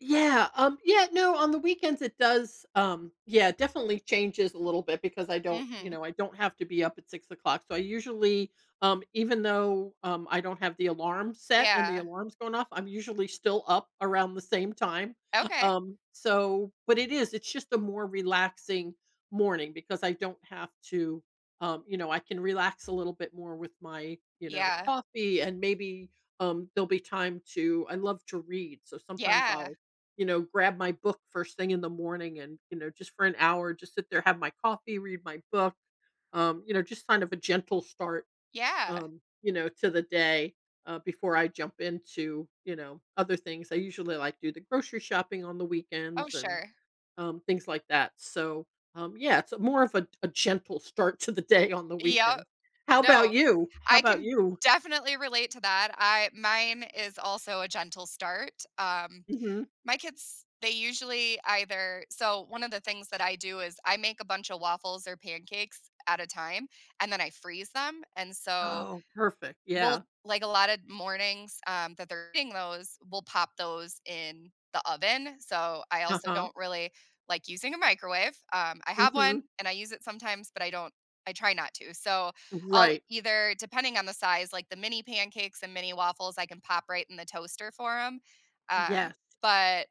Yeah, um, yeah, no, on the weekends it does, um, yeah, definitely changes a little bit because I don't, you Mhm. know, I don't have to be up at 6:00, so, I usually, um, even though, um, I don't have the alarm set and the Yeah. alarm's going off, I'm usually still up around the same time. Okay. Um, so but it is, it's just a more relaxing morning because I don't have to, um, you know, I can relax a little bit more with my, you know, Yeah. coffee, and maybe, um, there'll be time to I love to read, so sometimes Yeah. I'll, you know, grab my book first thing in the morning and, you know, just for an hour, just sit there, have my coffee, read my book, um, you know, just kind of a gentle start, Yeah. um, you know, to the day, uh, before I jump into, you know, other things. I usually, like, do the grocery shopping on the Oh, weekends and, sure. um, things like that so, um, yeah, it's more of a a gentle start to the day on the Yeah, weekend. How 'bout no, you? How I 'bout can you? definitely relate to that. I mine is also a gentle start, um, Mhm. my kids, they usually either so, 1 of the things that I do is I make a bunch of waffles or pancakes at a time and then I freeze them and, so Oh, perfect. we'll Yeah. like, a lotta mornings, um, that they're eating those, we'll pop those in the oven. So, I also Uh-huh. don't really like using a microwave, um, I have Mhm. one and I use it sometimes, but I don't I try not to. So, I'll Right. either depending on the size, like, the mini pancakes and mini waffles, I can pop right in the toaster for 'em, um, Yes. but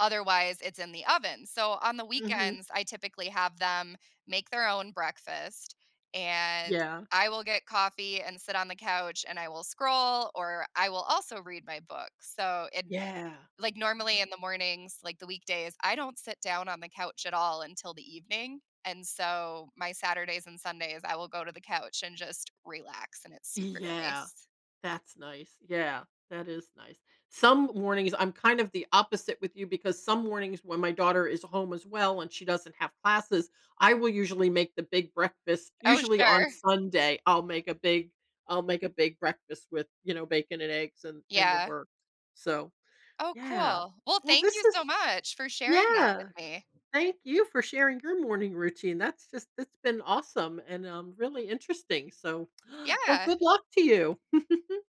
otherwise it's in the oven. So, on the Mhm. weekends, I typically have them make their own breakfast and Yeah. I will get coffee and sit on the couch and I will scroll, or I will also read my books. So, it Yeah. like, normally in the mornings, like, the weekdays, I don't sit down on the couch at all until the evening. And so, my Saturdays and Sundays, I will go to the couch and just relax and it's super Yeah, nice. that's nice, yeah, that is nice. Some mornings I'm kind of the opposite with you because some mornings when my daughter is home as well and she doesn't have classes, I will usually make the big breakfast. Oh, Usually, on sure. Sunday, I'll make a big I'll make a big breakfast with, you know, bacon and eggs and and the Yeah. works. So, Oh, yeah. cool. Well, Well, thank this you was so much for sharing that with Yeah. me. Thank you for sharing your morning routine, that's just it's been awesome and, um, really interesting. So, well, Yeah! good luck to you.